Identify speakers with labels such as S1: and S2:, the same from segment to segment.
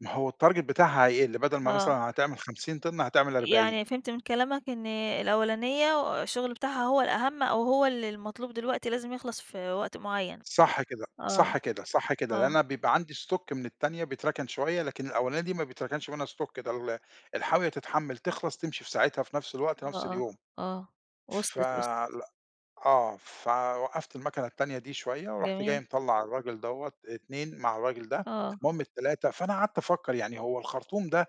S1: ما هو الtarget بتاعها هيقِل، بدَل ما مثلًا
S2: آه.
S1: هتعمل 50 طن، هتعمل 40.
S2: يعني فهمت من كلامك إن الأولانية الشغل بتاعها هو الأهم، أو هو اللي المطلوب دلوقتي لازم يخلَص في وقت معين.
S1: صح كده،
S2: آه،
S1: صح كده، صح كده لإن
S2: آه.
S1: أنا بيبقى عندي stock من التانية بيتركن شوية، لكن الأولانية دي ما بيتركنش منها stock ده ال الحاوية تتحمّل، تخلَص، تمشي في ساعتها في نَفْس الوقت،
S2: آه،
S1: نَفْس
S2: آه،
S1: اليوم.
S2: آه
S1: ف
S2: وصلِت، وصلِت.
S1: لأ، آه، فوقّفت الماكنة التانية دي شوية ورُحت جاي
S2: جميل.
S1: مطلّع الراجل دوّة، اتنين مع الراجل ده،
S2: آه.
S1: المهم التلاتة فأنا قعدت أفكر يعني هو الخرطوم ده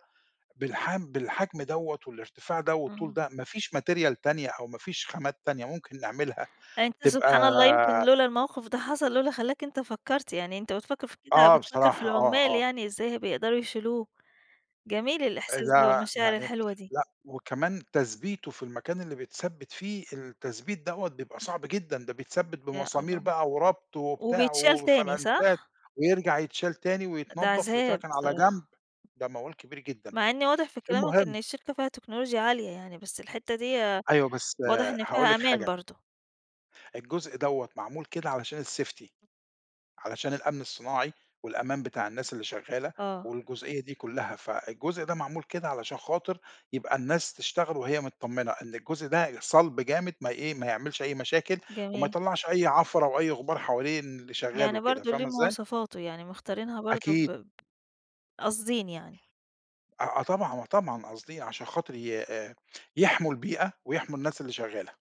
S1: بالحم بالحجم دوّة والارتفاع ده والطول
S2: إمم.
S1: ده مافيش material تانية أو ما فيش خامات تانية ممكن نعملها
S2: يعني أنت-
S1: تبقى
S2: سبحان الله- يمكِن لولا الموقف ده حصل لولا خلّاك أنت فكّرت يعني أنت بتفكر في كده،
S1: آه
S2: بتفكر في
S1: بصراحة، آه،
S2: العمال
S1: آه.
S2: يعني، إزاي هيبقوا بيقدَروا يشيلوه. جميل
S1: آآ،
S2: الإحساس ده،
S1: ده
S2: والمشاعر
S1: يعني
S2: الحلوة دي.
S1: لأ، وكمان تثبيتُه في المكان اللي بيتثبّت فيه، التثبيت دوّة بيبقى صعب جدًا، ده بيتثبّت
S2: يا
S1: بمسامير
S2: الله!
S1: بقى وربط وبتاع
S2: وبيتشال تاني
S1: وفلانشات،
S2: صح؟
S1: ويرجَع يتشال تاني
S2: أ ده
S1: ويتنضّف
S2: عذاب،
S1: ويتركن على جنب،
S2: الصراحة.
S1: ده موال كبير جدًا.
S2: مع إن واضح في كلامك إن
S1: المهم
S2: الشركة فيها تكنولوجيا عالية يعني، بس الحتّة ديّة
S1: أيوه، بس
S2: واضح إن
S1: هاقول
S2: فيها
S1: لِك
S2: أمان
S1: حاجة
S2: برضه.
S1: الجزء دوّة معمول كده علشان الsafety، علشان الأمن الصناعي والأمان بتاع الناس اللي شغالة
S2: آه.
S1: والجزئية دي كُلّها. فالجزء ده معمول كده علشان خاطر يبقى الناس تشتغل وهي متطمنة إن الجزء ده صَلب جامد ما ي إيه، ما يعملش أي مشاكل، وما
S2: جميل.
S1: يطلّعش أي عفرة أو أي غبار حوالين اللي شغال
S2: يعني
S1: وكده،
S2: برضه ليه
S1: فاهمة إزاي؟
S2: مواصفاته، يعني مختارينها برضه
S1: أكيد.
S2: ب قاصدين يعني.
S1: آه، آه طبعًا، آه طبعًا قاصدين عشان خاطر ي آآ، يحمُوا البيئة، ويحمُوا الناس اللي شغالة.